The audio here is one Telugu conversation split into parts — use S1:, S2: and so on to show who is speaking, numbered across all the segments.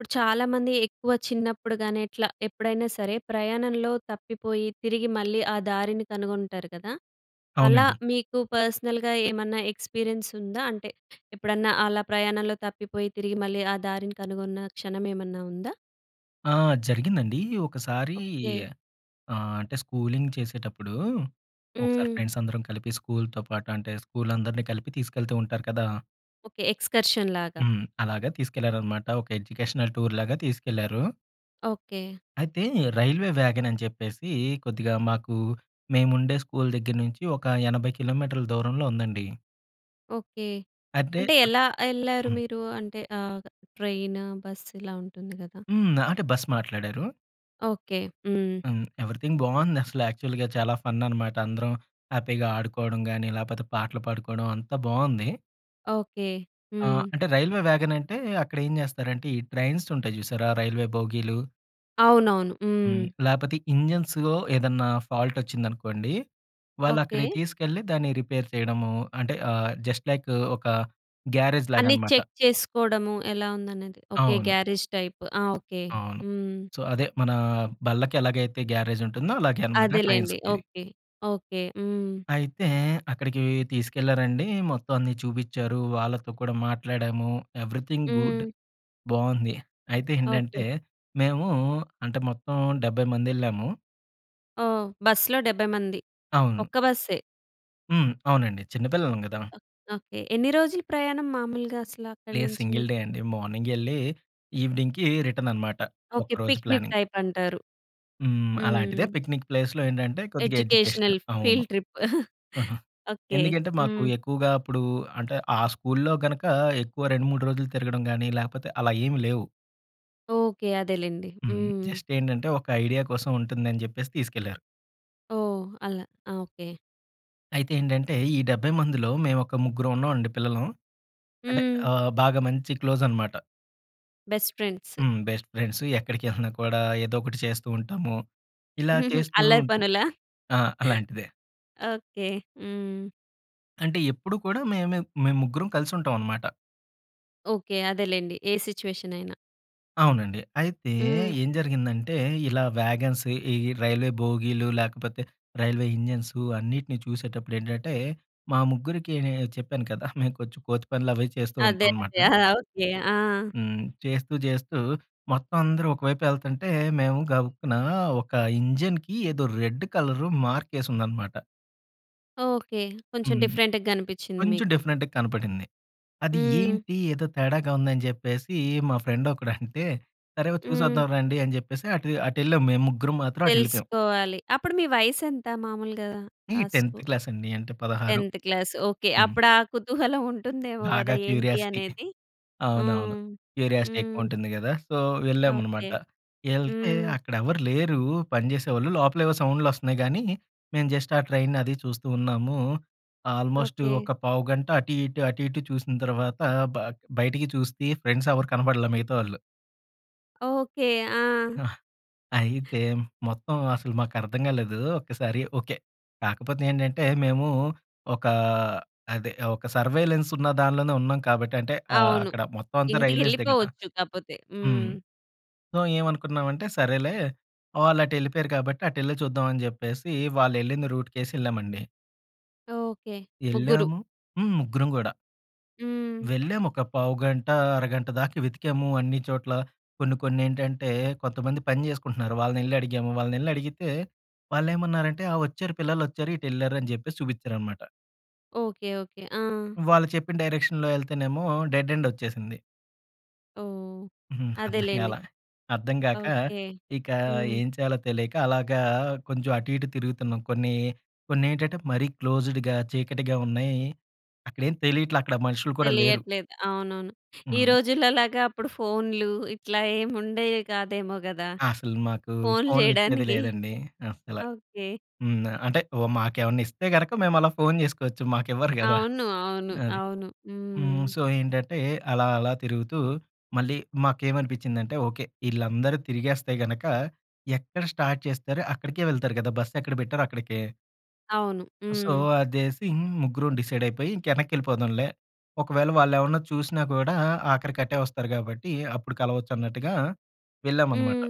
S1: ఇప్పుడు, చాలా మంది ఎక్కువ చిన్నప్పుడు గాని ఎట్లా, ఎప్పుడైనా సరే ప్రయాణంలో తప్పిపోయి తిరిగి మళ్ళీ ఆ దారిని కనుగొంటారు గదా! అలా
S2: అవునండి.
S1: మీకు పర్సనల్‌గా ఏమన్నా ఎక్స్‌పీరియన్స్ ఉందా? అంటే ఎప్పుడన్నా అలా ప్రయాణంలో తప్పిపోయి, తిరిగి మళ్ళీ ఆ దారిని కనుగొన్న క్షణం ఏమన్నా ఉందా?
S2: ఆ! జరిగిందండి. ఒకసారి
S1: ఓకే.
S2: ఆహ్, అంటే స్కూలింగ్ చేసేటప్పుడు, ఒకసారి
S1: హ్మ్.
S2: ఫ్రెండ్స్ అందరం కలిపి స్కూల్‌తో పాటు అంటే స్కూల్ అందరినీ కలిపి తీసుకెళ్తూ ఉంటారు కదా!
S1: ఓకే. ఎక్స్‌కర్షన్‌లాగా?
S2: హ్మ్. అలాగా తీసుకెళ్లారన్నమాట. ఒక ఎడ్యుకేషనల్ టూర్ లాగా తీసుకెళ్లారు.
S1: ఓకే.
S2: అయితే రైల్వే వ్యాగన్ అని జెప్పేసి కొద్దిగా మాకు మేము ఉండే స్కూల్ దగ్గర నుంచి ఒక 80 కిలోమీటర్‌ల దూరంలో ఉందండి.
S1: ఓకే.
S2: అంటే,
S1: అంటే
S2: అక్
S1: ఎలా ఎళ్లారు
S2: హ్మ్.
S1: మీరు? అంటే ఆహ్, ట్రైనా? బస్ ఇలా ఉంటుంది గదా!
S2: హ్మ్. ఆ! అంటే బస్ మాట్లాడారు.
S1: ఓకే. హ్మ్.
S2: హ్మ్. ఎవ్రీథింగ్ బావుంది అసలు యాక్చువల్‌గా చాలా ఫన్ అనమాట. అందరం హ్యాపీగా ఆడుకోవడం గాని, లేపోతే పాటలు పాడుకోవడం అంతా బావుంది.
S1: ఓకే.
S2: ఆ!
S1: హ్మ్.
S2: అంటే రైల్వే వ్యాగన్ అంటే అక్కడేం జెస్తారంటే, ఈ ట్రైన్స్ ఉంటాయి జూసారా రైల్వే బోగీలు?
S1: అవునవును. హ్మ్.
S2: హ్మ్. లేకపోతే ఇంజిన్స్‌లో ఏదన్నా ఫాల్ట్ వచ్చిందనుకోండి వాళ్ళక్కడికి
S1: ఓకే.
S2: తీసుకెళ్లి దాన్ని రిపేర్ చేయడము అంటే ఆహ్! జస్ట్ లైక్ ఒక గ్యారేజ్
S1: అన్నీ
S2: లాగన్నమాట.
S1: చెక్ చేసుకోడము ఎలా ఉందనేది ఓకే.
S2: అవును.
S1: గ్యారేజ్ టైప్ ఆ! ఓకే.
S2: అవును.
S1: హ్మ్.
S2: సో, అదే మన బళ్ళకి ఎలాగైతే గ్యారేజ్ ఉంటుందో అలాగే అన్నమాట
S1: అదేలెండి
S2: ట్రైన్స్‌‌కిది.
S1: ఓకే. ఓకే. హ్మ్.
S2: అయితే అక్కడికి తీసుకెళ్లారండి. మొత్తమన్నీ చూపించారు. వాళ్ళతో కూడా మాట్లాడాము. ఎవరీథింగ్ గుడ్
S1: హ్మ్.
S2: బాగుంది. అయితే
S1: ఓకే.
S2: ఏంటంటే మేము అంటే మొత్తం 70 మందెళ్ళాము.
S1: ఓహ్! బస్సులో 70 మంది.
S2: అవును.
S1: ఒక్క బస్సే.
S2: హ్మ్. అవునండి. చిన్న పిల్లలం గదా!
S1: ఓహ్! ఓకే. ఎన్ని రోజులు ప్రయాణం మాములుగా అసల అక్కడి
S2: లేదు.
S1: నుంచి
S2: సింగిల్ డే
S1: మీకు?
S2: అండి మార్నింగ్ వెళ్లి ఎవెనింగ్‌కీ రిటర్న్ అన్నమాట ఒక్క
S1: ఓకే.
S2: రోజు
S1: పిక్నిక్
S2: ప్లానింగ్.
S1: టైపంటారు.
S2: హ్మ్. అలాంటిదే
S1: హ్మ్.
S2: పిక్నిక్ ప్లేస్‌లో ఏంటంటే కొద్దిగా ఎడ్యుకేషనల్.
S1: ఎడ్యుకేషనల్
S2: అవును.
S1: ఫీల్డ్ ట్రిప్
S2: హుహు.
S1: ఓకే.
S2: ఎందుకంటే మాకు
S1: హ్మ్.
S2: ఎక్కువగా అప్పుడు అంటే ఆ స్కూలులో గనుక ఎక్కువ 2, 3 రోజులు తిరగడం గాని లేకపోతే అలా ఏమి లేవు.
S1: ఓకే. అదే లేండి.
S2: హ్మ్.
S1: హ్మ్.
S2: జస్ట్ ఏంటంటే ఒక ఐడియా కోసం ఉంటుందని జెప్పేసి తీసుకెళ్లారు.
S1: ఓహ్! అలా ఓకే.
S2: అయితే ఏంటంటే ఈ 70 మందిలో మేము ఒక ముగ్గురం ఉన్నామండి పిల్లలం. అంటే
S1: హ్మ్.
S2: ఆహ్, బాగా మంచి క్లోజనమాట.
S1: Best friends.
S2: హ్మ్. బెస్ట్ ఫ్రెండ్స్ ఎక్కడికేళ్ళినా కూడా ఏదో ఒకటి చేస్తూ ఉంటాము. ఇలా చేస్తూ
S1: అల్లరి
S2: ఉం
S1: పనుల.
S2: ఆ! అలాంటిదే.
S1: ఓకే. హ్మ్.
S2: అంటే ఎప్పుడు కూడా మే‌మే మేము ముగ్గురం కలిసి ఉంటాం అన్నమాట.
S1: ఓకే. అదేలెండి ఏ సిట్యుయేషనయినా.
S2: అవునండి. అయితే
S1: హ్మ్.
S2: ఏం జరిగిందంటే, ఇలా వ్యాగన్స్ ఈ రైల్వే బోగీలు, లేకపోతే రైల్వే ఇంజిన్స్ అన్నిటిని చూసేటప్పుడు ఏంటంటే, మా ముగ్గురికి నేను చెప్పాను కదా! మేము కొంచెం కో‌తి పనులు అవి చేస్తూ
S1: అదే
S2: ఉంటాం అనమాట.
S1: అదే. ఆ! ఓకే ఆ!
S2: హ్మ్. చేస్తూ చేస్తూ మొత్తం అందరూ ఒకవైపు వెళ్తుంటే, మేము గబుక్కున ఒక ఇంజిన్‌కీ ఏదో రెడ్ కలర్ మార్కేసి ఉందన్నమాట.
S1: ఓకే. కొంచెం
S2: హ్మ్.
S1: డిఫరెంట్‌గా కనిపించింది
S2: కొంచెం
S1: మీకు.
S2: డిఫరెంట్‌గా కనపడింది. అది
S1: హ్మ్.
S2: ఏంటి ఏదో తేడాగా ఉంది అని చెప్పేసి, మా ఫ్రెండొకడంటే సరే చూసి
S1: హ్మ్.
S2: వద్దాం రండి అని చెప్పేసి అటు, అటెళ్ళాం మేము ముగ్గురం మాత్రం అటెళ్ళిపోయాం.
S1: తెలుసుకోవాలి. అప్పుడు మీ వయసెంత మాములుగా
S2: ఈ
S1: ఆ స్కూ
S2: 10థ్ క్లాస్ అండి అంటే 16.
S1: 10థ్ క్లాస్ ఓకే.
S2: హ్మ్.
S1: అప్పుడు ఆ కుతూహలం ఉంటుందేమో
S2: బాగా
S1: కదా! ఏంటి
S2: క్యూరియాసిటీ.
S1: అనేది.
S2: అవునవును.
S1: హ్మ్.
S2: క్యూరియాసిటీ ఎక్కువ
S1: హ్మ్.
S2: ఉంటుంది కదా! So,
S1: okay.
S2: వెళ్ళామనమాట వెళ్తే,
S1: హ్మ్.
S2: అక్కడ ఎవరు లేరు పనిచేసేవాళ్ళు లోపల ఏవో సౌండ్లు వస్తున్నాయి గానీ మేము జస్ట్ ఆ ట్రైనది చూస్తూ ఉన్నాము. Almost
S1: okay.
S2: ఒక పావుగంట అటు ఇటు, అటు ఇటు చూసిన తర్వాత బ బయటికి చూ‌స్తి ఫ్రెండ్స్ ఎవరు కనపడలే మిగతావాళ్ళు.
S1: ఓకే. ఆ!
S2: అయితే మొత్తం అసలు మాకర్థం కాలేదు ఒక్కసారి, ఓకే. కాకపోతే ఏంటంటే మేము ఒక అదే ఒక సర్వేలెన్స్ ఉన్న దాంట్లోనే ఉన్నాం కాబట్టి అంటే ఆహ్,
S1: అవును.
S2: అక్కడ మొత్తం అంతా రైల్వేస్‌దే కదా!
S1: ఇంటికెళ్ళిపోవచ్చు కాపోతే.
S2: హ్మ్.
S1: హ్మ్.
S2: సో, ఏమనుకున్నామంటే సరేలే వాళ్ళు అటెళ్ళిపోయారు కాబట్టి, అటెళ్ళి చూద్దాం అని చెప్పేసి వాళ్ళు వెళ్ళింది రూట్‌కేసి ఎళ్ళామండి.
S1: ఓకే. ముగ్గురు.
S2: ఎళ్ళాము హ్మ్. ముగ్గురం కూడా.
S1: హ్మ్.
S2: వెళ్ళాము. ఒక పావుగంట, అరగంట దాకా వెతికాము అన్ని చోట్ల. కొన్ని కొన్నేంటంటే కొంతమంది పని చేసుకుంటున్నారు. వాళ్ళనెళ్లి అడిగాము. వాళ్ళనెళ్లి అడిగితే వాళ్ళేమన్నారంటే, "ఆ! వచ్చారు. పిల్లలొచ్చారు. ఇటెళ్లారు" అని చెప్పేసి చూపించారన్నమాట.
S1: ఓకే. ఓకే. ఆ!
S2: వాళ్ళు చెప్పిన డైరెక్షన్‌లో ఎళ్తేనేమో డెడ్ ఎండ్ ఒచ్చేసింది.
S1: ఓహ్!
S2: అర్థం
S1: అదేలేండి.
S2: కాలా. అర్థం కాక,
S1: ఓకే.
S2: ఇక
S1: హ్మ్.
S2: ఏం చేయాలో తెలియక అలాగా కొంచెం అటు ఇటు తిరుగుతున్నాం. కొన్ని కొన్నేంటంటే మరీ క్లోజ్డ్‌గా చీకటిగా ఉన్నాయి. అక్కడేం తెలియట్లే. అక్కడ మనుషులు కూడా లేరు.
S1: తెలియట్లేదు. అవునవును. ఈ
S2: అవును.
S1: రోజుల్లో లాగా అప్పుడు ఫోనులు ఇట్లా ఏముండేయే కాదేమో కదా!
S2: అసలు మాకు
S1: ఫోనులు
S2: ఫోనులు ఇచ్చేది
S1: చేయడానికి.
S2: లేదండి అసల.
S1: ఓకే.
S2: హ్మ్. అంటే ఓ మాకేమన్నా ఇస్తే గనక మేము అలా ఫోను చేసుకోవచ్చు. మాకివ్వరు కదా!
S1: అవును. అవును.
S2: అది.
S1: అవును.
S2: హ్మ్.
S1: హ్మ్.
S2: సో, ఏంటంటే అలా అలా తిరుగుతూ మళ్ళీ మాకేమనిపించిందంటే ఓకే. వీళ్ళందరూ తిరిగేస్తే గనుక ఎక్కడ స్టార్ట్ చేస్తారో అక్కడికే వెళ్తారు కదా! బస్సు ఎక్కడ పెట్టారో అక్కడికే.
S1: అవును.
S2: సో,
S1: హ్మ్.
S2: అదేసి ముగ్గురుం డిసైడ్ అయిపోయి ఇంకెనక్కి ఎళ్ళిపోదాంలే. ఒకవేళ వాళ్ళేవన్నా చూసినా కూడా ఆఖరికి అటే వస్తారు కాబట్టి అప్పుడు కలవచ్చు అన్నట్టుగా వెళ్ళాం అన్నమాట.
S1: హ్మ్.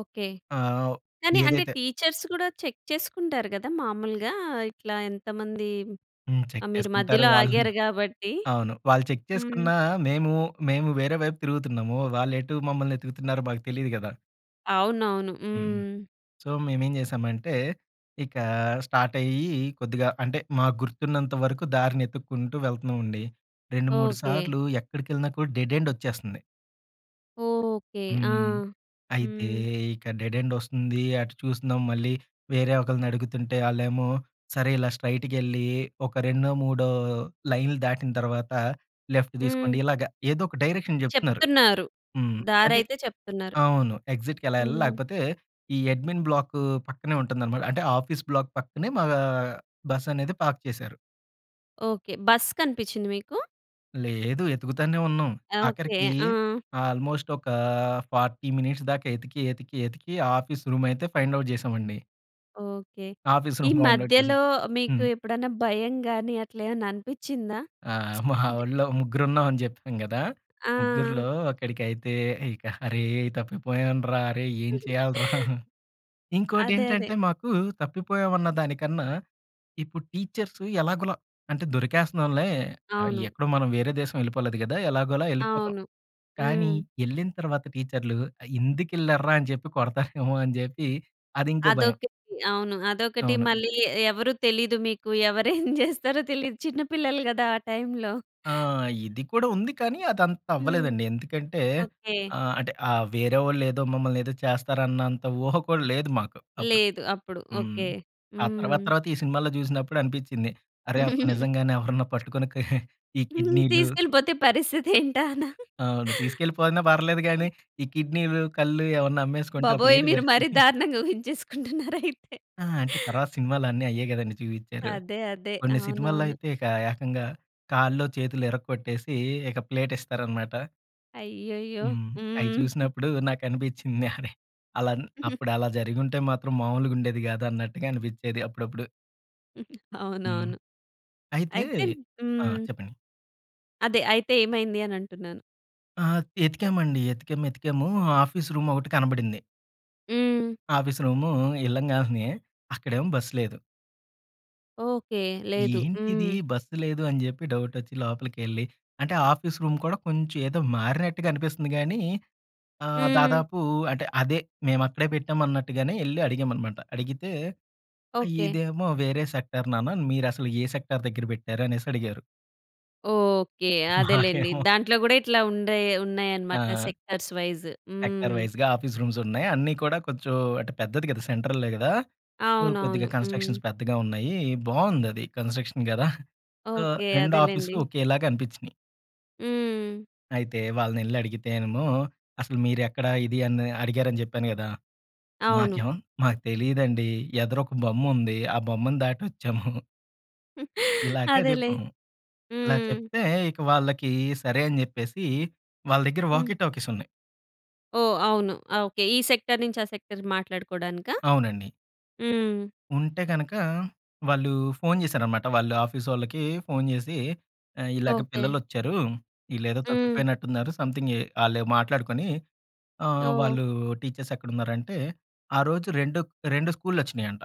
S1: ఓకే.
S2: ఆహ్, ఓహ్!
S1: కానీ అంటే
S2: ఏదైతే
S1: టీచర్స్ కూడా చెక్ చేసుకుంటారు కదా! మాములుగా ఇట్లా ఎంతమంది
S2: హ్మ్. చెక్
S1: ఆహ్, మీరు
S2: చేసుకుంటారు
S1: మధ్యలో
S2: వాళ్ళు.
S1: ఆగారు కాబట్టి.
S2: అవును. వాళ్ళు చెక్
S1: హ్మ్.
S2: చేసుకున్నా మేము, మేము వేరే వైపు తిరుగుతున్నాము. వాళ్ళు ఎటు మమ్మల్ని వెతుకుతున్నారో మాకు తెలీదు కదా!
S1: అవునవును.
S2: హ్మ్.
S1: హ్మ్.
S2: సో, మేమేం చేసామంటే, ఇక స్టార్టయ్యి కొద్దిగా అంటే మాకు గుర్తున్నంత వరకు దారిని ఎతుక్కుంటూ వెళ్తున్నామండి. 2, 3
S1: ఓకే.
S2: సార్లు ఎక్కడికెళ్ళినా కూడా డెడ్ ఎండొచ్చేస్తుంది.
S1: ఓకే. ఆ!
S2: హ్మ్. అయితే
S1: హ్మ్.
S2: ఇక్కడ డెడ్ ఎండొస్తుంది అటు చూస్తున్నాం మళ్ళీ వేరే ఒకళ్ళని అడుగుతుంటే ఆళ్ళేమో సరే ఇలా స్ట్రెయిట్‌గా ఎళ్లి ఒక రెండో మూడో లైన్లు దాటిన తర్వాత లెఫ్ట్
S1: హ్మ్.
S2: తీసుకోండి ఇలాగ. ఏదో ఒక డైరెక్షన్ చెప్తున్నారు.
S1: చెప్తున్నారు.
S2: హ్మ్. అంటే
S1: దారైతే చెప్తున్నారు.
S2: అవును. ఎగ్జిట్‌కెలా ఎళ్ళాలి
S1: హ్మ్.
S2: లేకపోతే ఈ అడ్మిన్ బ్లాకు పక్కనే ఉంటుందన్నమాట. అంటే ఆఫీస్ బ్లాక్ పక్కనే మా బస్సనేది పార్క్ చేశారు.
S1: ఓకే. బస్సు కనిపించింది మీకు?
S2: లేదు ఎతుకుతనే ఉన్నాం.
S1: ఆ! ఓకే.
S2: ఆఖరికి
S1: ఆ!
S2: ఆల్‌మోస్ట్ ఒక 40 మినిట్స్ దాకా ఎతికి, ఎతికి, ఎతికి ఆఫీస్ రూమ్ అయితే ఫైండ్ ఔట్ చేశామండి.
S1: ఓకే.
S2: ఆఫీస్
S1: ఈ
S2: రూమ్ ఫైండ్ ఔట్ చేసేక
S1: మధ్యలో మీకు
S2: హ్మ్.
S1: ఎప్పుడైనా భయం గాని అట్లా ఏమన్నా అనిపించిందా?
S2: ఆ! మా
S1: అంటే
S2: ఓళ్ళో ముగ్గురు ఉన్నాం అని చెప్పాం కదా! ముగ్గురిలో
S1: ఆ!
S2: ఒకడికైతే, ఇక "అరే తప్పిపోయాను రా! అరే ఏం చేయాలి రా!" ఇంకోటి
S1: అదే అదే.
S2: ఏంటంటే, మాకు తప్పిపోయాం అన్న దానికన్నా ఇప్పుడు టీచర్స్ ఎలాగోలా అంటే దొరికేస్తున్నాంలే ఆహ్,
S1: అవును.
S2: ఎక్కడో మనం వేరే దేశం వెళ్ళిపోలేదు కదా! ఎలాగోలా వెళ్ళిపోతాం.
S1: అవును.
S2: కానీ
S1: హ్మ్.
S2: ఎళ్ళిన తర్వాత టీచర్లు ఆహ్, ఎందుకెళ్లారు రా! అని చెప్పి కొడతారేమో అని చెప్పి అది ఇంకో భయం.
S1: అదొకటి. అవును. అదొకటి
S2: అవును.
S1: మళ్ళీ ఏ ఎవరు తెలీదు మీకు. ఎవరేం చేస్తారో తెలీదు. చిన్న పిల్లలు కదా! ఆ టైంలో.
S2: ఆ! ఇది కూడా ఉంది కానీ అదంతా
S1: హ్మ్.
S2: అవ్వలేదండి ఎందుకంటే
S1: ఓకే
S2: ఆహ్, అంటే ఆ వేరే వాళ్ళు ఏదో మమ్మల్ని ఏదో చేస్తారు అన్నంత ఊహ కూడా లేదు మాకు అప్పుడు.
S1: లేదు. అప్పుడు
S2: హ్మ్.
S1: ఓకే.
S2: ఆ తర్వాత,
S1: హ్మ్.
S2: తర్వాత ఈ సినిమాలో చూసినప్పుడు అనిపించింది అరె అప్పుడు నిజంగానే ఎవరైనా పట్టుకొని ఈ కిడ్నీ‌లు
S1: తీసుకెళ్ళిపోతే పరిస్థితేంటా అనా?
S2: అవును. తీసుకెళ్ళిపోయినా పర్లేదు కానీ, ఈ కిడ్నీలు, కళ్ళు ఏమన్నా అమ్మేసుకుంటే అప్పుడు
S1: బాబోయ్!
S2: ఏంటి
S1: మీరు మరి
S2: పరిస్థితి?
S1: దారుణంగా ఊహించేసుకుంటున్నారు అయితే.
S2: ఆ! అంటే తర్వాత సినిమాలన్నీ అయ్యే చూయిచారు.
S1: అదే, అదే,
S2: కొన్ని సినిమాల్లో
S1: అవునవును.
S2: అయితే ఇక ఏకంగా కాల్లో చేతులో ఇరక్కొట్టేసి ఇక ప్లేటిస్తారనమాట.
S1: అయ్యయ్యో.
S2: హ్మ్. అయి
S1: హ్మ్.
S2: చూసినప్పుడు నాకనిపించింది. అలా అప్పుడలా జరిగుంటే మాత్రం మామూలుగా ఉండేది కాదు అన్నట్టుగా అనిపించేది అప్పుడప్పుడు. హ్మ్.
S1: అవునవును.
S2: అయితే
S1: అయితే
S2: ఆ!
S1: హ్మ్.
S2: చెప్పండి?
S1: అదే. అయితే ఏమైంది అనంటున్నాను.
S2: ఆ! ఎతికామండి. ఎతికాం. ఏతికాము ఆఫీస్ రూమొకటి కనబడింది.
S1: హ్మ్.
S2: ఆఫీస్ రూము ఎళ్ళంగాలినే అక్కడేమో బస్సు లేదు.
S1: ఓకే. లేదు.
S2: ఏంటిది
S1: హ్మ్.
S2: బస్సు లేదు అని చెప్పి డౌటొచ్చి లోపలికెళ్లి, అంటే ఆఫీస్ రూమ్ కూడా కొంచెం ఏదో మారినట్టుగా అనిపిస్తుంది కానీ ఆహ్,
S1: హ్మ్.
S2: దాదాపు అంటే అదే మేము అక్కడే పెట్టాం అన్నట్టుగానే వెళ్లి అడిగాం అన్నమాట. అడిగితే
S1: ఓకే.
S2: "ఇదేమో వేరే సెక్టార్ నాన్న మీరసలు ఏ సెక్టార్ దగ్గర పెట్టారు" అనేసి అడిగారు.
S1: ఓకే. అదేలెండి!
S2: మాకేమో
S1: దాంట్లో కూడా ఇట్లా ఉండే ఉన్నాయి అన్నమాట.
S2: ఆ!
S1: Sectors wise.
S2: సెక్టార్
S1: హ్మ్.
S2: వైస్‌గా ఆఫీస్ రూమ్స్ ఉన్నాయి. అన్నీ కూడా కొంచెం అంటే పెద్దది కదా! సెంట్రల్‌లో కదా! ఏదో
S1: అవునవును.
S2: కొద్దిగా
S1: హ్మ్.
S2: కన్‌స్ట్రక్షన్స్ పెద్దగా ఉన్నాయి బాగుంది. అది కన్‌స్ట్రక్షన్స్ కదా! So,
S1: okay.
S2: 2
S1: అదేలెండి.
S2: ఆఫీసులు ఒకేలాగా అనిపించినీయి.
S1: హ్మ్.
S2: అయితే వాళ్ళని వెళ్లి అడిగితేనేమో, అసలు మీరెక్కడ ఇది అని అడిగారని చెప్పాను కదా!
S1: అవును.
S2: మాకేమో మాకు తెలీదండి ఎదురొక బొమ్ముంది ఆ బొమ్మను దాటొచ్చాము. ఇలాగే
S1: అదేలే.
S2: జెప్పాం. ఇలా
S1: హ్మ్.
S2: చెప్తే, ఇక వాళ్ళకి సరే అని జెప్పేసి వాళ్ళ దగ్గర
S1: హ్మ్.
S2: వాకీ టాకీస్ ఉన్నాయి.
S1: ఓహ్! అవును. ఓకే. ఈ సెక్టార్ నుంచి, ఆ సెక్టార్ మాట్లాడుకోవడానికా?
S2: అవునండి.
S1: హ్మ్.
S2: ఉంటే గనుక, వాళ్ళు ఫోను జేసారన్నమాట. వాళ్ళ ఆఫీ‌సొళ్ళకి ఫోను జేసి, "ఆహ్, ఇలాగ
S1: ఓకే.
S2: పిల్లలోచ్చారు. వీళ్ళేదో
S1: హ్మ్.
S2: తప్పిపోయినట్టున్నారు. సమ్‌థింగ్ ఏ" ఆళ్ళే మాట్లాడుకొని ఆహ్,
S1: ఓహ్!
S2: వాళ్ళు టీచర్స్ ఎక్కడ ఉన్నారు అంటే, ఆ రోజు రెండు రెండు స్కూల్లోచ్చినాయంట.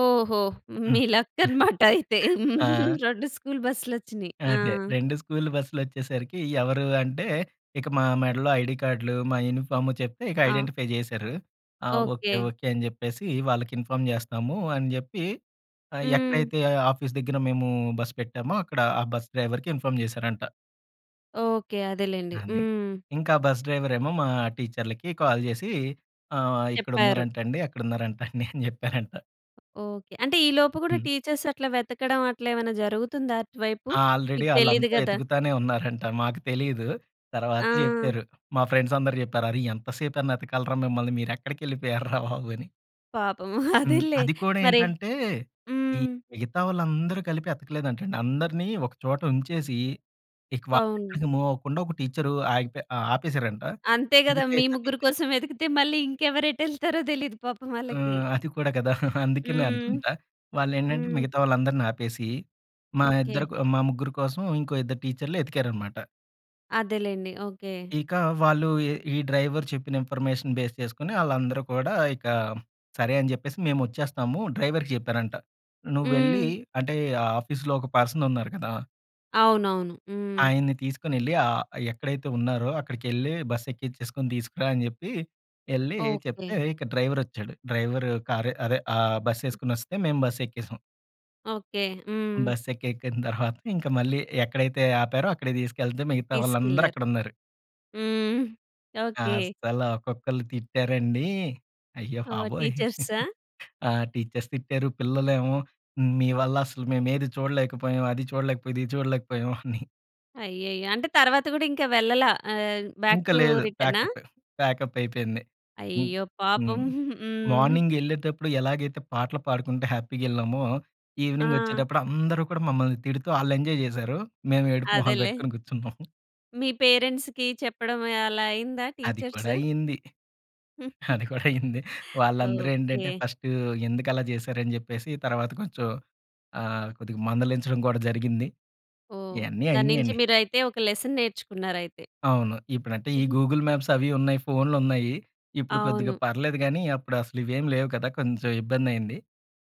S1: ఓహో!
S2: హ్మ్.
S1: మీ లక్ అనమాటయితే.
S2: ఆ!
S1: 2 స్కూల్ బస్సులొచ్చినియి. ఆ!
S2: అదే. 2 స్కూల్ బస్సులొచ్చేసరికి ఎవరు అంటే? ఇక మా
S1: హ్మ్.
S2: మెడలో ఐడీ కార్డులు, మా యూనిఫార్మ్ చెప్తే, ఇక
S1: ఆ!
S2: ఐడెంటిఫై జేసారు. "ఆ! Okay,
S1: okay.
S2: ఓకే." అని జెప్పేసి, "వాళ్ళకి ఇన్ఫార్మ్ జేస్తాము." అని జెప్పి ఆహ్,
S1: హ్మ్.
S2: ఎక్కడైతే ఆఫీస్ దగ్గర మేము బస్ పెట్టామో, అక్కడ ఆ బస్ డ్రైవర్‌కి ఇన్ఫామ్ చేసారంట.
S1: ఓకే. అదేలెండి.
S2: అది.
S1: హ్మ్.
S2: ఇంకా బస్ డ్రైవర్ ఏమో! మా టీచర్లకి కాల్ జేసి ఆహ్, ఆహ్,
S1: చెప్పారు.
S2: "ఇక్కడున్నారంటండి అక్కడున్నారంటండి" అని జెప్పారంట.
S1: ఓకే. అంటే ఈ లోపు గూడా,
S2: హ్మ్.
S1: టీచర్స్ అట్లా వెతకడం అట్లా ఏమన్నా జరుగుతుందా అటువైపు?
S2: ఆల్రెడీ
S1: మీకు తెలీదు
S2: ఆళ్ళంతా
S1: గదా!
S2: ఎతుకుతానే ఉన్నారంట. మాకు తెలీదు. తర్వాత
S1: ఆ!
S2: జెప్పారు. మా ఫ్రెండ్స్ అందరూ జెప్పారు. "అరె! ఎంత సేప‌నేతకాలిరా మిమ్మల్ని? మీరు ఎక్కడికెళ్ళిపోయరా బాబు!" అని.
S1: పాపం
S2: హ్మ్.
S1: అదేలే
S2: అది కూడా
S1: మరి
S2: ఏంటంటే, ఈ
S1: హ్మ్.
S2: మిగతా వాళ్ళందరూ కలిపి ఎతకలేదంటండి. అందరినీ ఒక చోట ఉంచేసి, ఇక
S1: అవును.
S2: వాళ్ళెక్కడికి మూవ్ అవ్వకుండా ఒక టీచరు ఆగిపో ఆ ఆపేశారంట.
S1: అంతే గదా!
S2: మిగతా
S1: మీ
S2: ఇద్దరు
S1: ముగ్గురు
S2: టీచరులు
S1: కోసం వెతికితే మళ్ళి ఇంకెవరు ఎటెల్తారో తెలియదు పాపం వాళ్ళకి.
S2: ఆహ్, అది కూడా కదా! అందుకనే
S1: హ్మ్.
S2: అనుకుంటా. వాళ్ళేంటంటే
S1: హ్మ్.
S2: మిగతా వాళ్ళందరిని ఆపేసి, మా
S1: ఓకే.
S2: ఇద్దరు కో మా ముగ్గురు కోసం ఇంకో ఇద్దరు టీచర్లు వెతికారన్నమాట.
S1: అదేలెండి. ఓకే.
S2: ఇక వాళ్ళు ఏ ఈ డ్రైవరు చెప్పిన ఇన్ఫర్మేషన్ బేస్ చేసుకొని ఆళ్ళందరూ కూడా ఇక సరే అని జెప్పేసి మేము వచ్చేస్తాము. డ్రైవరుకి జెప్పారంట. నువ్వు వెళ్లి
S1: హ్మ్.
S2: అంటే ఆఫీస్‌లో ఒక పర్సన్ ఉన్నారు కదా!
S1: అవునవును. హ్మ్.
S2: ఆయన్ని తీసుకొ‌నేళ్లి ఆహ్, "ఎక్కడైతే ఉన్నారో, అక్కడి‌కెళ్లి బస్సు ఎక్కించేసుకొని తీసుకురా." అని చెప్పి ఎళ్లి చెప్తే
S1: ఓకే.
S2: ఇక డ్రైవరొచ్చాడు. డ్రైవరు కారు అదే ఆ
S1: ఆ!
S2: బస్సేసుకొని వస్తే మేము బస్సెక్కేసాం.
S1: ఓకే. హ్మ్.
S2: బస్సెక్కెక్కిన తర్వాత ఇంకా మళ్ళీ ఎక్కడైతే ఆపారో అక్కడికి తీసుకెళ్తే మిగతా వాళ్ళందరూ
S1: తీసుకెళ్లారు.
S2: అక్కడున్నారు.
S1: హ్మ్. ఓకే.
S2: అస్సల ఒక్కొక్కళ్ళు తిట్టారండి. అయ్యో
S1: ఓహ్!
S2: బాబోయ్!
S1: టీచర్సా.
S2: ఆహ్, టీచర్స్ తిట్టారు. పిల్లలెమో "మీ వల్ల అసలు మేము ఏది చూడలేకపోయాం, అది చూడలేకపోయాం, ఇది చూడలేకపోయాము." అని.
S1: అయ్యయ్యో! అంటే తరువాత గూడా ఇంకా వెళ్ళల. ఆహ్, బాక్
S2: ఇంక
S1: టు
S2: లేదు.
S1: రిటర్నా?
S2: ప్యాకప్పె. ప్యాకప్ అయిపోయింది. ఇంక్
S1: అయ్యో! పాపం.
S2: హ్మ్.
S1: హ్మ్.
S2: మార్నింగెళ్ళేటప్పుడు ఎలాగైతే పాటలు పాడుకుంటే హ్యాపీగెళ్ళామో ఈవెనింగ్
S1: ఆ!
S2: ఒచ్చేటప్పుడు అందరూ కూడా మమ్మల్ని తిడుతూ ఆళ్ళెంజాయ్ జేసారు. మేము
S1: ఆహ్,
S2: ఏడుపు మొహాలు
S1: అదేలే.
S2: బెట్టుకొని గూర్చున్నాం.
S1: మీ పేరెంట్స్‌కి చెప్పడం అలా అయిందా
S2: అది కూడా
S1: టీచర్స్?
S2: అయింది. అది కూడా అయింది. వాళ్ళందరూ ఏంటంటే
S1: ఓకే.
S2: ఫస్ట్ "ఎందుకలా జేసారు?" అని జెప్పేసి తర్వాత కొంచెం ఆహ్, కొద్దిగా మందలించడం కూడా జరిగింది.
S1: ఓహ్!
S2: ఇయన్నీ
S1: దాన్నుంచి
S2: అయినియండి.
S1: మీరైతే ఒక లెసన్ నేర్చుకున్నారయితే.
S2: అవును. ఇప్పుడంటే ఈ
S1: హుహు.
S2: గూగుల్ మ్యాప్స్ అవి ఉన్నాయి. ఫోన్లు ఉన్నాయి. ఇప్పుడు కొద్దిగా
S1: అవును.
S2: పర్లేదు గానీ అప్పుడు అసలు ఇవేమి లేవు కదా! కొంచెం ఇబ్బందయింది.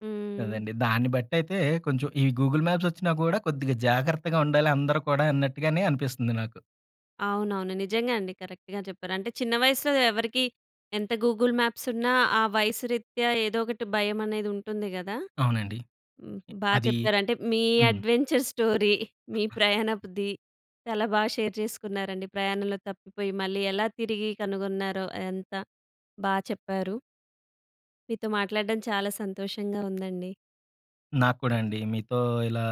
S1: హ్మ్.
S2: అదండి. దాన్ని బట్టి అయితే కొంచెం ఈ గూగుల్ మాప్స్ ఒచ్చినా గూడా కొద్దిగా జాగ్రత్తగా ఉండాలి అందరూ కూడా అన్నట్టుగానే అనిపిస్తుంది నాకు.
S1: అవునవును. నిజంగా అండి. కరెక్ట్‌గా జెప్పారు. అంటే చిన్న వయసులో ఎవరికీ ఎంత గూగుల్ మ్యాప్సున్న ఆ వయసు రీత్యా ఏదో ఒకటి భయం అనేది ఉంటుంది గదా!
S2: అవునండి.
S1: బా
S2: అది
S1: చెప్పారు. అంటే మీ
S2: హ్మ్.
S1: అడ్వెంచర్ స్టోరీ, మీ ప్రయాణపుది, చాలా బాగా షేర్ జేసుకున్నారండి. ప్రయాణంలో తప్పిపోయి మళ్ళీ ఎలా తిరిగి కనుగొన్నారో అదంతా బా చెప్పారు. మీతో మాట్లాడడం చాలా సంతోషంగా ఉందండి.
S2: నాకు కూడా అండి. మీతో ఇలా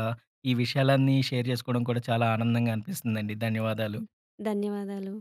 S2: ఈ విషయాలన్నీ షేర్ జేసుకోవడం కూడా చాలా ఆనందంగా అనిపిస్తుందండి. ధన్యవాదాలు.
S1: హ్మ్. ధన్యవాదాలు.